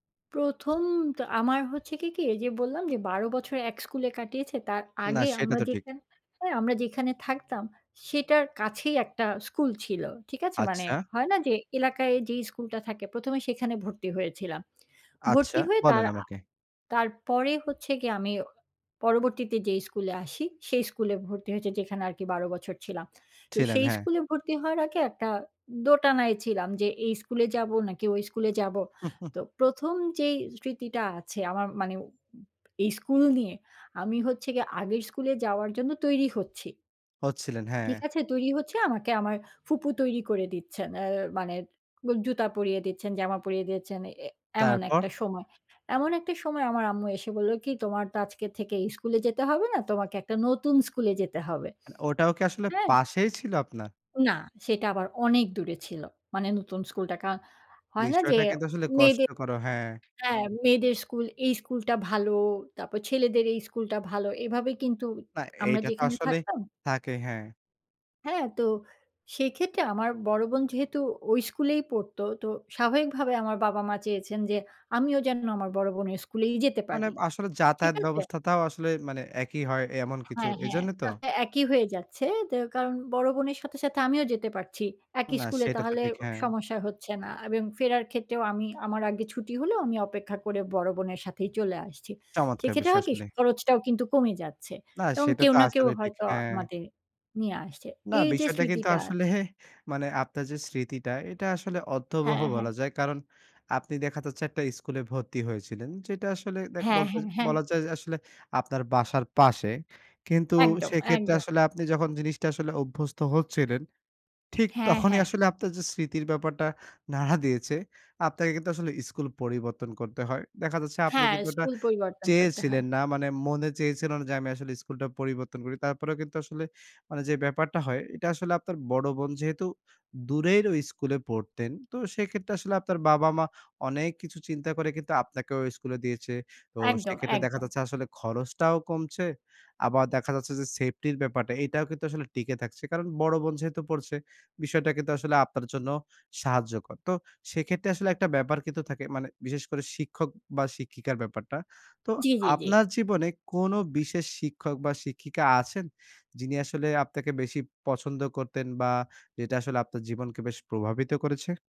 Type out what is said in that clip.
১ম তো আমার হচ্ছে কি, কি এই যে বললাম, যে ১২ বছর এক স্কুলে কাটিয়েছে। তার না, আগে সেটা আমরা তো ঠিক। যেখানে হ্যাঁ, আমরা যেখানে, হ্যাঁ, আমরা যেখানে থাকতাম সেটার কাছেই একটা স্কুল ছিল। ঠিক আছে? মানে আচ্ছা। হয় না যে, এলাকায় যেই স্কুলটা থাকে ১ম এ সেখানে ভর্তি হয়েছিলাম। আচ্ছা, ভর্তি হয়ে তার বলেন আ আমাকে। তারপরে হচ্ছে গিয়ে আমি পরবর্তীতে যেই স্কুলে আসি সেই স্কুলে ভর্তি হয়েছি, যেখানে আর কি ১২ বছর ছিলাম। তো ছিলেন, সেই হ্যাঁ। স্কুলে ভর্তি হওয়ার আগে একটা দোটানায় ছিলাম যে, এই স্কুলে যাবো, নাকি ওই স্কুলে যাবো? তো ১ম যেই স্মৃতিটা আছে আমার মানে উম এই স্কুল নিয়ে। আমি হচ্ছে গিয়ে আগের স্কুলে যাওয়ার জন্য তৈরি হচ্ছি হচ্ছিলেন, ঠিক হ্যাঁ। আছে? তৈরি হচ্ছে আমাকে আমার ফুপু তৈরি করে দিচ্ছেন। অ্যা মানে জুতা পরিয়ে দিচ্ছেন, জামা পরিয়ে দিচ্ছেন, এ এমন তারপর? একটা সময়। এমন একটা সময় আমার আম্মু এসে বলল কি? "তোমার তো আজকে থেকে এই স্কুলে যেতে হবে না। তোমাকে একটা নতুন স্কুলে যেতে হবে।" আ ওটাও কি আসলে হ্যাঁ? পাশেই ছিল আপনার? না, সেটা আবার অনেক দূরে ছিল। মানে নতুন স্কুলটা। কা হয় না যে বিষয়টা কিন্তু আসলে মেয়েদের কষ্টকর ও, হ্যাঁ। হ্যাঁ মেয়েদের স্কুল, এই স্কুল টা ভালো, তারপর ছেলেদের এই স্কুল টা ভালো। এভাবে কিন্তু না, আমরা এইটা তো যেখানে আসলে থাকতাম থাকে, হ্যাঁ। হ্যাঁ, তো সেক্ষেত্রে আমার বড় বোন যেহেতু ওই স্কুলেই পড়ত। তো স্বাভাবিকভাবে আমার বাবা-মা চেয়েছেন যে, আমিও যেন আমার বড় বোনের স্কুলেই যেতে মানে পারি। আসলে ঠিক যাতায়াত আছে? ব্যবস্থাতাও আসলে মানে একই হয়, এ এমন কিছু। হ্যাঁ, হ্যাঁ। এইজন্যে তো? তাতে একই হয়ে যাচ্ছে। দে কারণ বড় বোনের সাথে, সাথে আমিও যেতে পারছি। একই না স্কুলে সেটা তো তাহলে ঠিক। হ্যাঁ। সমস্যা হচ্ছে না। আব এ ফেরার ক্ষেত্রেও আমি আমার আগে ছুটি হলেও, আমি অপেক্ষা করে বড় বোনের সাথেই চলে আসছি। চমৎকার সেক্ষেত্রে বিষয় হয় কি? আসলে। খরচটাও কিন্তু কমে যাচ্ছে। না, এবং সেটা কেউ তো না কেউ আসলে ঠিক, হয়তো হ্যাঁ। আমাদের নিয়ে আসছে। না, এই যে বিষয়টা কিন্তু স্মৃতিটা আসলে মানে আপনার যে স্মৃতিটা, এটা আসলে অর্থবহ হ্যাঁ, হ্যাঁ। বলা যায়। কারণ আপনি দেখা যাচ্ছে, একটা স্কুলে ভর্তি হয়েছিলেন। যেটা আসলে দেখ হ্যাঁ, বলতে হ্যাঁ, হ্যাঁ। বলা যায় যে, আসলে আপনার বাসার পাশে। কিন্তু একদম, সেক্ষেত্রে একদম। আসলে আপনি যখন জিনিসটা আসলে অভ্যস্ত হচ্ছিলেন, ঠিক হ্যাঁ, তখনই হ্যাঁ। আসলে আপনার যে স্মৃতির ব্যাপারটা নাড়া দিয়েছে। আপনাকে কিন্তু আসলে স্কুল পরিবর্তন করতে হয়। দেখা যাচ্ছে, আপনি হ্যাঁ। কিন্তু ওটা স্কুল পরিবর্তন করতে হয়। চেয়েছিলেন না। মানে মনে চেয়েছিল না যে, "আমি আসলে স্কুলটা পরিবর্তন করি।" তারপরেও কিন্তু আসলে মানে যে ব্যাপারটা হয়। এইটা আসলে আপনার বড় বোন যেহেতু দূরের ওই স্কুলে পড়তেন। তো সেক্ষেত্রে আসলে আপনার বাবা-মা অনেক কিছু চিন্তা করে কিন্তু, আপনাকেও ওই স্কুলে দিয়েছে। তো একদম, সেক্ষেত্রে দেখা একদম। যাচ্ছে, আসলে খরচটাও কমছে। আবার দেখা যাচ্ছে যে, সেফটি র ব্যাপারটা, এটাও কিন্তু আসলে টিকে থাকছে। কারণ বড় বোন যেহেতু পড়ছে, বিষয়টা কিন্তু আসলে আপনার জন্য সাহায্যকর। তো সেক্ষেত্রে আসলে একটা ব্যাপার কিন্তু থাকে। মানে বিশেষ করে শিক্ষক, বা শিক্ষিকার ব্যাপারটা। তো জি, জি, জি। আপনার জীবনে কোনো বিশেষ শিক্ষক, বা শিক্ষিকা আছেন? যিনি আসলে আপনাকে বেশি পছন্দ করতেন? বা যেটা আসলে আপনার জীবনকে প্রভাবিত করেছে?